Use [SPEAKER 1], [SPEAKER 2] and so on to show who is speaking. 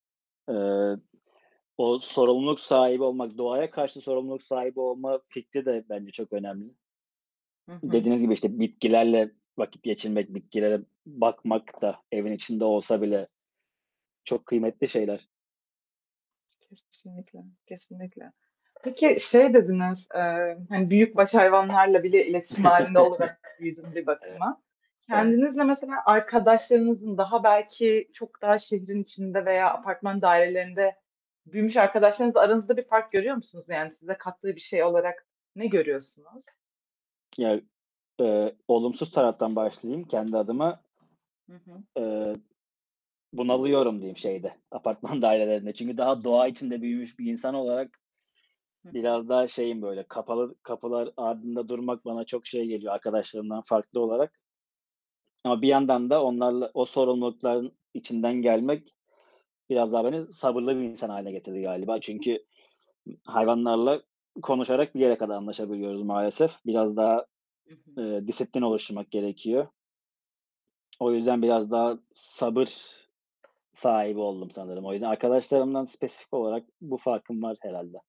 [SPEAKER 1] Eee, o sorumluluk sahibi olmak, doğaya karşı sorumluluk sahibi olma fikri de bence çok önemli.
[SPEAKER 2] Hı hı. Hı
[SPEAKER 1] Dediğiniz gibi,
[SPEAKER 2] hı.
[SPEAKER 1] işte, bitkilerle vakit geçirmek, bitkilere bakmak da, evin içinde olsa bile çok kıymetli şeyler.
[SPEAKER 2] Kesinlikle, kesinlikle. Peki şey dediniz, eee, hani büyük baş hayvanlarla bile iletişim hâlinde olarak büyüdüm bir
[SPEAKER 1] Evet.
[SPEAKER 2] bakıma.
[SPEAKER 1] Evet.
[SPEAKER 2] Kendinizle mesela arkadaşlarınızın daha belki çok daha şehrin içinde veya apartman dairelerinde büyümüş arkadaşlarınızla aranızda bir fark görüyor musunuz? Yani size kattığı bir şey olarak ne görüyorsunuz?
[SPEAKER 1] Ya, ııı, olumsuz taraftan başlayayım kendi adıma.
[SPEAKER 2] Hı hı.
[SPEAKER 1] Iıı, bunalıyorum diyeyim şeyde, apartman dairelerinde. Çünkü daha doğa içinde büyümüş bir insan olarak,
[SPEAKER 2] Hı hı.
[SPEAKER 1] biraz daha şeyim, böyle, kapalı kapılar ardında durmak bana çok şey geliyor, arkadaşlarımdan farklı olarak. Ama bir yandan da onlarla o sorumlulukların içinden gelmek biraz daha beni sabırlı bir insan hâline getirdi galiba çünkü m hayvanlarla konuşarak bir yere kadar anlaşabiliyoruz maalesef. Biraz daha,
[SPEAKER 2] Hı hı.
[SPEAKER 1] ııı, disiplin oluşturmak gerekiyor. O yüzden biraz daha sabır sahibi oldum sanırım. O yüzden, arkadaşlarımdan spesifik olarak bu farkım var herhâlde.